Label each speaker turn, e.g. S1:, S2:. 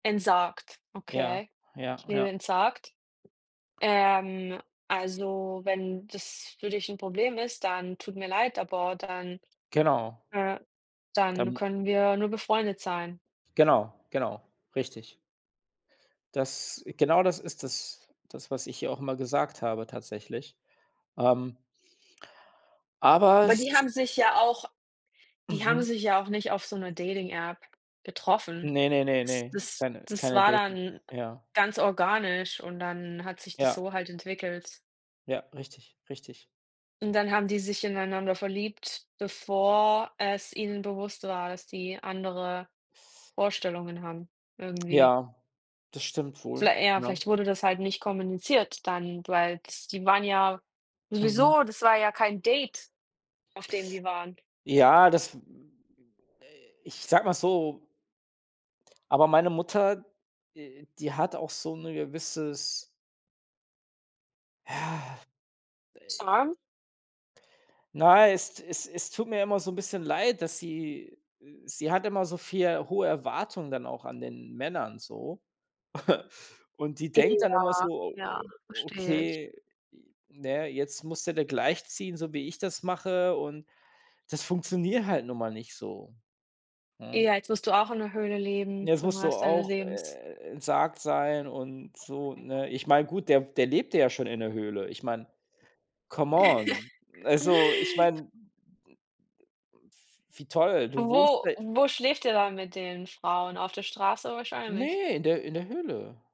S1: Entsagt,
S2: Ja.
S1: okay,
S2: Ja,
S1: ich lebe
S2: ja.
S1: entsagt. Ähm, also, wenn das für dich 'n Problem ist, dann tut mir leid, aber dann,
S2: Genau
S1: äh dann
S2: Dann
S1: können wir nur befreundet sein.
S2: Genau, genau, richtig. Das genau das ist das das was ich ihr auch immer gesagt habe tatsächlich, ähm aber
S1: Aber
S2: es
S1: die haben sich ja auch die haben
S2: Mhm.
S1: sich ja auch nicht auf so 'ner Dating-App getroffen.
S2: Ne, ne, ne,
S1: Das
S2: ne
S1: das
S2: keine
S1: das
S2: keine
S1: war
S2: Dating, [unintelligible]
S1: dann
S2: ja.
S1: ganz organisch und dann hat sich das
S2: Ja,
S1: so halt entwickelt.
S2: Ja, richtig, richtig.
S1: Und dann haben die sich ineinander verliebt, bevor es ihnen bewusst war, dass die andere Vorstellungen haben irgendwie.
S2: Ja, das stimmt wohl,
S1: Viellei äh,
S2: genau
S1: vielleicht wurde das halt nicht kommuniziert dann, weil ts die waren ja
S2: Mhm.
S1: sowieso, das war ja kein Date, auf dem die waren.
S2: Ja, das, äh ich sage mal so aber meine Mutter, äh, die hat auch so 'ne gewisses Ja. Äh
S1: Charme?
S2: Na, es es es tut mir immer so 'n bisschen leid, dass sie sie hat immer so viel hohe Erwartungen dann auch an den Männern so. Und die denkt dann
S1: Ja,
S2: immer so:
S1: ja, verstehe ich.
S2: „Okay, j na ja, jetzt musste der gleichziehen, so wie ich das mache“ und das funktioniert halt nun mal nicht so, hm?
S1: Ja, jetzt musst du auch in 'ner Höhle
S2: Ne,
S1: leben
S2: jetzt
S1: für den
S2: musst du
S1: Rest deines
S2: auch,
S1: Lebens.
S2: äh, entsagt sein und so, ne? Ich meine, gut, der der lebte ja schon in der Höhle. Ich meine, come on. Also, ich meine d äh, d f wie toll, du wohnst
S1: Wo
S2: seit
S1: wo schläft er dann mit den Frauen? Auf der Straße wahrscheinlich.
S2: Ne, in der in der Höhle.